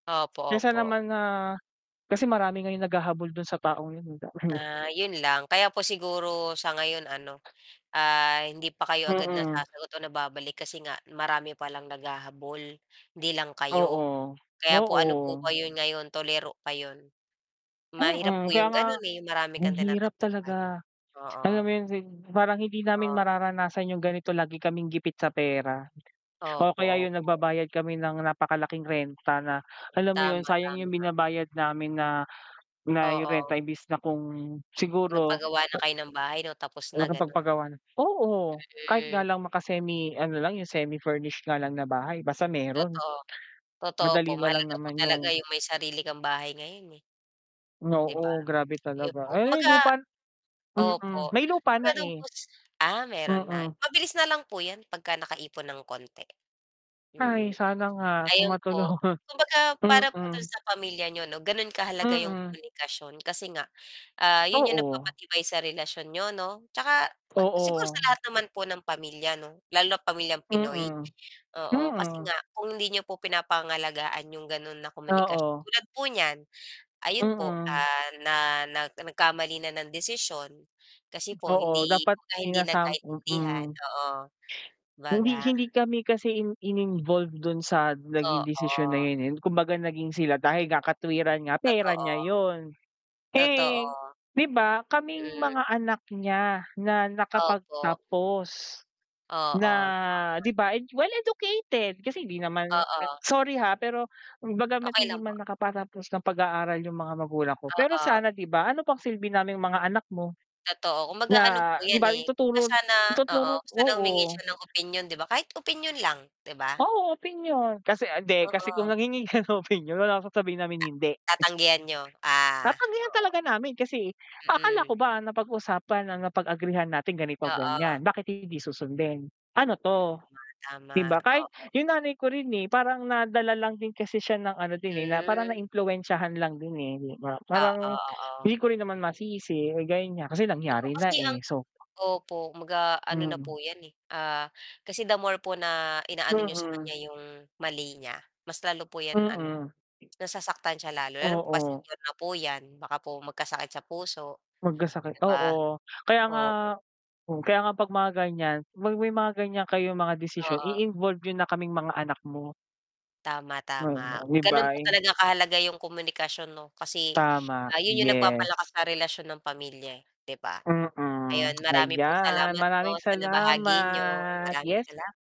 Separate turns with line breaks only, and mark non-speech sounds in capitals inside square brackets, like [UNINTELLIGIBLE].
Opo,
Kesa
opo.
naman na kasi marami ngayong naghahabol dun sa taong yun, eh. [UNINTELLIGIBLE] [CHUCKLES]
Ah, 'yon lang, kaya po siguro sa ngayon ano, ah, hindi pa kayo agad
Mm.
nasasagot o nababalik kasi nga marami pa lang naghahabol, 'di lang kayo.
Oo,
Kaya po ano po ba
oo.
'yon ngayon, tuliro pa 'yon. Mahirap
Mm,
po
kaya
yung
nga
ganun, eh, yung marami
ang
kang
hirap
tinatakbuhan,
talaga. Alam
oo.
mo yung sib parang hindi namin
Ah.
mararanasan yung ganito lagi kaming gipit sa pera, o
Opo,
kaya yun
opo.
nagbabayad kami ng napakalaking renta, na alam mo yun
Tama,
sayang yung
tama.
binabayad namin na na yung
Oo.
renta imbes na kung siguro
Nagpagawa na kayo ng bahay 'no, tapos na ganon.
nakapagpagawa na oo. Kahit
E
nga
eh.
lang maka-semi, ano lang yung semi-furnished nga lang na bahay basta meron,
Totoo, totoo po
madali na lang
mahalaga po
naman
talaga
yung
yung may sarili kang bahay ngayon, eh di ba
Oo, grabe
ayun
talaga,
po.
ay
Kumbaga
lupa mm.
opo,
May lupa na,
kumbaga don
eh.
po sa ah, meron na
Mm.
mabilis na lang po yan pagka nakaipon ng konti.
Hay,
Mm,
sana nga kung
ayun po,
matulungan.
kumbaga
[CHUCKLES]
para po dun
Mm.
sa pamilya niyo 'no ganon kahalaga 'yong
Mm.
komunikasyon kasi nga, ah, yun yung
Oo.
nagpapatibay sa relasyon niyo 'no. Tsaka pa siguro sa
Oo.
lahat naman po ng pamilya 'no lalo na't pamilyang Pinoy,
Mm,
oo kasi
mm.
nga kung hindi niyo po pinapangalagaan 'yong gano'n na komunikas
Oo.
tulad po niyan ayun po,
Mm.
ah, na nag nagkamali na ng desisyon kasi po
Oo,
hindi
dapat
kumbaga hindi
sinasam
magkaintindihan
mm.
oo,
Hindi
baga.
hindi kami kasi in in-involved dun sa naging desisyon na
Oo.
yun, eh, kumbaga naging sila dahil nga katwiran nga, "Pera
Totoo,
niya yun."
totoo.
Eh, 'di ba kaming
Mhm
mga anak niya na
Opo.
nakapagtapos na
Oo, tama.
'di ba, well-educated kasi hindi naman
Oo.
sorry ha, pero bagamat
Okey
hindi
lang
man
po.
nakapatapos ng pag-aaral yung mga magulang ko, pero
Oo.
sana 'di ba ano pang silbi namin yung mga anak mo?
Totoo
Na
kumbaga ano po
'di
yan,
ba
eh, kumbaga
ituturo
sana oo,
ituturo,
sana humingi
oo.
siya ng opinyon 'di ba, kahit opinyon lang 'di ba?
Oo, opinyon. Kasi, hindi kasi kung
Oo.
nanghingi ka ng opinyon malamang sasabihin namin
A
hindi.
tatanggihan niyo. Ah,
Tatanggihan
oo.
talaga namin kasi, akala
Mm.
ko ba napag-usapan ang napag-agrihan natin
Oo.
ganito-ganyan, bakit hindi susundin? Ano 'to
Tama,
di
tama.
ba, kahit
Oo.
yung nanay ko rin, eh, parang nadala lang din kasi siya ng ano din, eh, na parang
Hmm.
naimpluwensyahan lang din, eh, 'di ba.
Oo,
Parang hindi
oo.
ko rin naman masisi, eh, ganyan nga, kasi
Eto
nangyari na,
kasi ang
eh, so.
opo, kumbaga ano na
Mm.
po 'yan, eh, ah, kasi the more po na inaano niyo sa
Mm
kanya 'yong mali niya, mas lalo po 'yan, ano
Mm.
nasasaktan siya lalo. Lalo pa
Oo.
senior na po 'yan baka po magkasakit sa puso
Magkasakit,
'di ba,
oo. Kaya nga
oo
mm, kaya nga 'pag mga ganyan, may may mga ganyan kayong mga desisyon
Oo.
i-involve nyo na kaming mga anak mo.
Tama,
Hmm,
tama,
bi
ganun po
bye.
talaga kahalaga yung komunikasyon 'no, kasi
Tama,
,ah, yun yung nagpapalakas
yes.
sa relasyon ng pamilya, eh, 'di ba?
Mm,
Ayon
[TSK]
marami pong
ayan
salamat
maraming
po sa nabahagi niyo.
salamat,
Maraming
yes.
salam